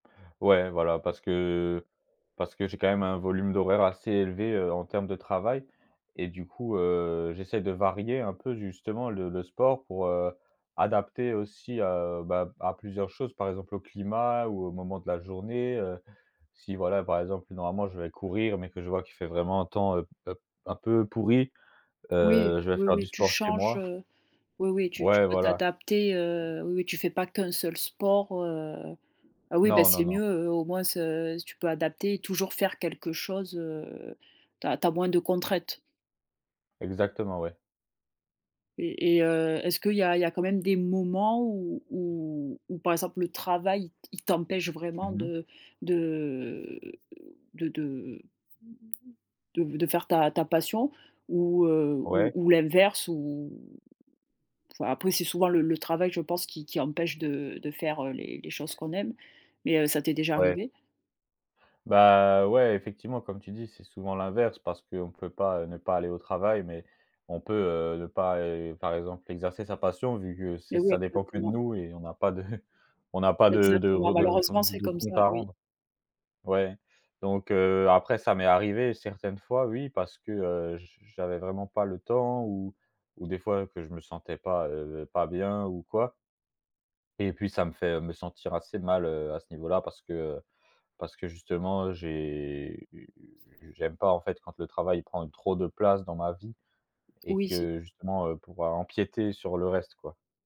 Ouais, voilà, parce que parce que j'ai quand même un volume d'horaire assez élevé, heu, en termes de travail, et du coup, heu, j'essaie de varier un peu justement le le sport pour, heu, adapter aussi, heu, bah, à plusieurs choses, par exemple au climat ou au moment de la journée, heu, si voilà, par exemple, normalement je vais courir, mais que je vois qu'il fait vraiment un temps un p un p un peu pourri, Oui, heu, je vais oui, faire du oui. Tu sport chez changes, moi. heu, oui, oui tu tu Ouais, peux voilà. t'adapter, heu, oui, oui tu fais pas qu' 1 seul sport, heu, ah oui, bah Non, non c'est non. mieux au moins s tu peux adapter et toujours faire quelque chose, heu, tu as tu as moins de contraintes. Exactement, ouais. Et et heu, est-ce qu'il y a il y a quand même des moments où où où par exemple le travail, il il t'empêche vraiment Mmh mh. de de de de de de faire ta ta passion? Ou heu, ou Ouais. ou l'inverse? Où enfin, après, c'est souvent le le travail je pense qui qui empêche de de faire, heu, les les choses qu'on aime mais heu, ça t'est déjà Ouais. arrivé? Bah. Ouais, effectivement comme tu dis: «C'est souvent l'inverse» parce qu'on peut pas ne pas aller au travail, mais on peut, heu, ne pas, heu, par exemple, exercer sa passion vu que c'est Mais oui, ça dépend que de exactement. nous et on n'a pas de on n'a pas de de Exactement. re de f Malheureusement c'est de comme compte ça, à oui. rendre. Ouais donc heu, après, ça m'est arrivé certaines fois oui, parce que, heu, j j'avais vraiment pas le temps ou ou des fois que je me sentais pas, heu, pas bien ou quoi et puis ça me fait, heu, me sentir assez mal, heu, à ce niveau là parce que parce que justement j'ai j'aime pas en fait quand le travail prend trop de place dans ma vie, et Oui c'est que justement, heu, pouvoir empiéter sur le reste quoi.